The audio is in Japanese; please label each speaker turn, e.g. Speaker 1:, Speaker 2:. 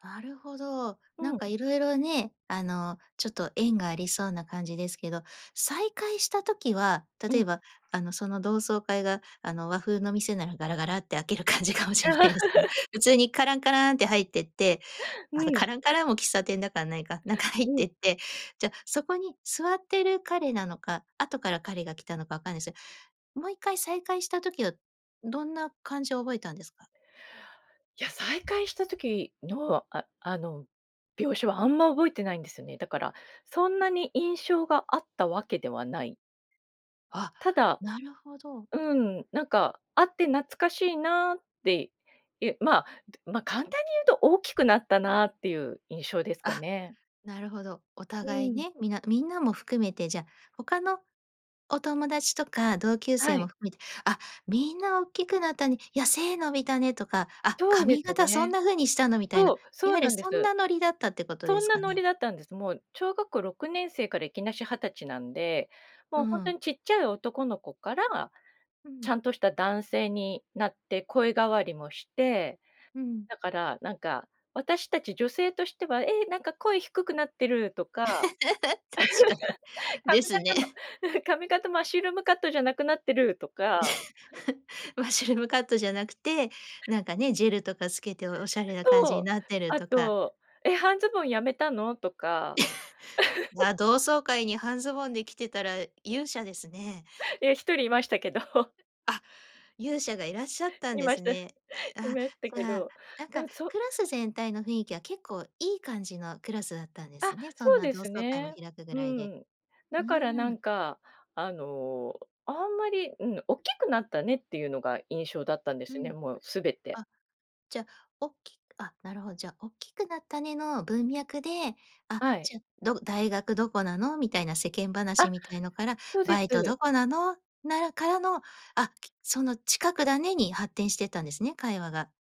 Speaker 1: なるほど。な
Speaker 2: う
Speaker 1: んか
Speaker 2: ん。
Speaker 1: いろいろね、あのちょっと縁がありそうな感じですけど、再会した時は、
Speaker 2: う
Speaker 1: 例
Speaker 2: ん。
Speaker 1: えばあの、その、同窓会があの和風の店ならガラガラって開ける感じかもしれないですけど、普通にカランカランって入ってって、
Speaker 2: う
Speaker 1: あの
Speaker 2: ん。
Speaker 1: カランカランも喫茶店だからないか、中入っ
Speaker 2: うん。
Speaker 1: てって、じゃ、そこに座ってる彼なのか、後から彼が来たのかわかんないすよ、もう一回再会した時はどんな感じを覚えたんですか？
Speaker 2: いや、再会した時のああの、描写はあんま覚えてないんですよね。だからそんなに印象があったわけではない。
Speaker 1: あ、
Speaker 2: ただ
Speaker 1: なるほど、う
Speaker 2: う
Speaker 1: ん。
Speaker 2: ん、なんか会って懐かしいなって、ゆまあ、ま、簡単に言うと大きくなったなっていう印象ですか
Speaker 1: あ、
Speaker 2: ね。
Speaker 1: なるほど。お
Speaker 2: う
Speaker 1: 互い
Speaker 2: ん。
Speaker 1: ね、みなみんなも含めて、じゃ、他のお友達とか同級
Speaker 2: は
Speaker 1: 生
Speaker 2: い。
Speaker 1: も含めて「あ、みんな大きくなったね」いや「背伸びたね」とか「あ、
Speaker 2: そうで
Speaker 1: 髪
Speaker 2: す
Speaker 1: 型そん
Speaker 2: ね。
Speaker 1: な風にしたの」みたいな、
Speaker 2: そう、
Speaker 1: い
Speaker 2: そう
Speaker 1: わゆる
Speaker 2: なんで
Speaker 1: そん
Speaker 2: す。
Speaker 1: なノリだったってこと
Speaker 2: そ
Speaker 1: で
Speaker 2: ん
Speaker 1: す
Speaker 2: な
Speaker 1: か
Speaker 2: ノ
Speaker 1: ね？
Speaker 2: リだったんです。もう小学校6年生からいきなし20歳なんで、も
Speaker 1: う
Speaker 2: うほんと
Speaker 1: ん。
Speaker 2: にちっちゃい男の子から、
Speaker 1: う
Speaker 2: ち
Speaker 1: ん。
Speaker 2: ゃんとした男性になって声変わりもして、
Speaker 1: うん。
Speaker 2: だからなんか私たち女性としては「ええ、なんか声低くなってる」とか。
Speaker 1: 確か に。で
Speaker 2: 髪
Speaker 1: す
Speaker 2: 型
Speaker 1: ね。
Speaker 2: の 髪型マッシュルームカットじゃなくなってるとか。
Speaker 1: マッシュルームカットじゃなくて、なんかね、ジェルとかつけておしゃれな感じに
Speaker 2: と、
Speaker 1: なってる
Speaker 2: あ
Speaker 1: とか。
Speaker 2: と「え、半ズボンやめたの？」とか。
Speaker 1: い や、同窓会に半ズボンで着てたら勇者ですね。
Speaker 2: いや1人いましたけど。
Speaker 1: あ、勇者がいらっしゃったん
Speaker 2: い
Speaker 1: で
Speaker 2: ま
Speaker 1: す
Speaker 2: した、い
Speaker 1: ね。ああ
Speaker 2: ました
Speaker 1: じ
Speaker 2: け
Speaker 1: ゃあ、
Speaker 2: ど、
Speaker 1: なん
Speaker 2: な
Speaker 1: か
Speaker 2: んそ
Speaker 1: クラス全体の雰囲気は結構いい感じのクラスだったんで
Speaker 2: あ、
Speaker 1: すね。そん
Speaker 2: そう
Speaker 1: な
Speaker 2: で
Speaker 1: 同
Speaker 2: す
Speaker 1: 窓会も
Speaker 2: ね。
Speaker 1: 開くぐ
Speaker 2: う
Speaker 1: らいで。
Speaker 2: ん、
Speaker 1: う
Speaker 2: だから
Speaker 1: ー
Speaker 2: なん
Speaker 1: ん。
Speaker 2: か、あの、あんまり、うん、おっきくなったねっていうのが印象だったんで
Speaker 1: う
Speaker 2: すね、
Speaker 1: ん。
Speaker 2: もうすべて。
Speaker 1: あ、じゃ、おっきあ、なるほど、じゃ、おっきくなったねの文脈で、あ
Speaker 2: はい。
Speaker 1: じゃ、ど「大学どこなの？」みたいな世間話
Speaker 2: あ。
Speaker 1: みたいなのから
Speaker 2: そうで
Speaker 1: 「バイト
Speaker 2: す。
Speaker 1: どこなの？」ならからの、あ、きその近くだね、に発展していったんですね、会話が